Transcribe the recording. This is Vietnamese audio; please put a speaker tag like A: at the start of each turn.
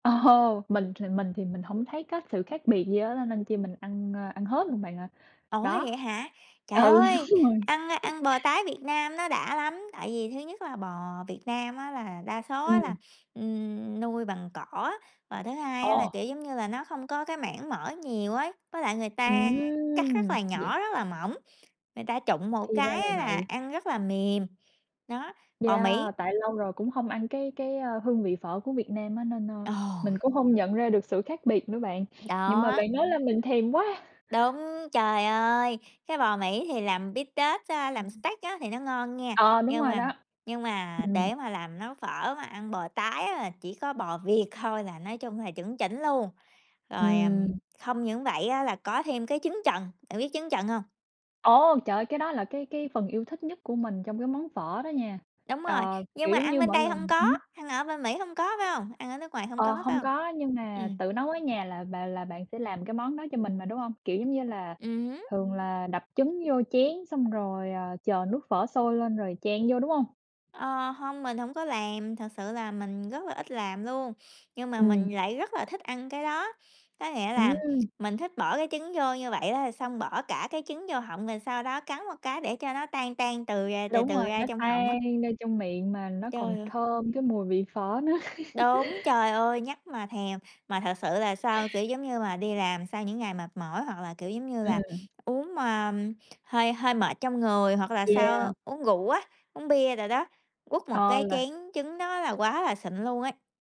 A: Ồ, mình thì mình thì mình hổng thấy có sự khác biệt gì á, nên nên chi mình ăn, ơ, ăn hết luôn bạn ạ.
B: Ủa, hay
A: Đó
B: vậy hả? Trời
A: ừ,
B: ơi!
A: đúng rồi.
B: Ăn ăn bò tái Việt Nam nó đã lắm. Tại vì thứ nhất là bò Việt Nam á là đa số á
A: Ừm.
B: là, ừm, nuôi bằng cỏ, và thứ hai á là,
A: Ồ.
B: kiểu, giống như là nó không có cái mảng mỡ nhiều ấy, với lại người ta cắt rất
A: Ừm!
B: là
A: Vậy
B: nhỏ, rất là mỏng, người ta trụng một
A: Thì ra
B: cái
A: là
B: á là
A: vậy.
B: ăn rất là mềm. Đó, bò Mỹ
A: Yeah, tại lâu rồi cũng hông ăn cái cái, a, hương vị phở của Việt Nam á nên, a, mình
B: Ồ!
A: cũng hông nhận ra được sự khác biệt nữa bạn, nhưng mà
B: Đó!
A: bạn nói làm mình thèm quá.
B: Đúng, trời ơi, cái bò Mỹ thì làm bít tết á, làm steak á thì nó ngon nghe,
A: Ờ, đúng
B: nhưng
A: rồi
B: mà
A: đó.
B: nhưng mà
A: Ừm.
B: để mà làm nấu phở mà ăn bò tái á là chỉ có bò Việt thôi là nói chung là chuẩn chỉnh luôn. Rồi, ừm,
A: Ừm.
B: không những vậy á là có thêm cái trứng chần, bạn biết trứng chần hông?
A: Ồ! Trời ơi, cái đó là cái cái phần yêu thích nhất của mình trong cái món phở đó nha.
B: Đúng rồi,
A: Ờ,
B: nhưng
A: kiểu
B: mà
A: giống
B: ăn
A: như,
B: bên
A: mỗi
B: đây hông
A: lần
B: có,
A: ừm.
B: ăn ở bên Mỹ hông có, phải hông? Ăn ở nước ngoài hông
A: Ờ,
B: có, phải
A: hông
B: hông?
A: có, nhưng mà
B: Ừm.
A: tự nấu ở nhà là bà là bạn sẽ làm cái món đó cho mình mà, đúng hông? Kiểu giống như là,
B: Ừm hứm.
A: thường là đập trứng vô chén xong rồi, ờ, chờ nước phở sôi lên rồi chan vô, đúng hông?
B: Ờ, hông, mình hổng có làm, thật sự là mình rất là ít làm luôn, nhưng mà
A: Ừm.
B: mình lại rất là thích ăn cái đó, có nghĩa là
A: Ừm.
B: mình thích bỏ cái trứng vô như vậy đó rồi xong bỏ cả cái trứng vô họng, rồi sau đó cắn một cái để cho nó tan tan từ ra từ
A: Đúng rồi,
B: từ ra
A: nó
B: trong họng á.
A: tan ra trong miệng mà nó còn
B: Trời ơi!
A: thơm cái mùi vị phở nữa.
B: Đúng, trời ơi, nhắc mà thèm. Mà thật sự là sau kiểu giống như mà, đi làm sau những ngày mệt mỏi hoặc là, kiểu giống như là,
A: Ừm.
B: uống mà hơi hơi mệt trong người, hoặc là
A: Yeah.
B: sau uống rượu á, uống bia đồ đó, quất một
A: Ờ,
B: cái
A: là
B: chén trứng đó là quá là xịn luôn ấy!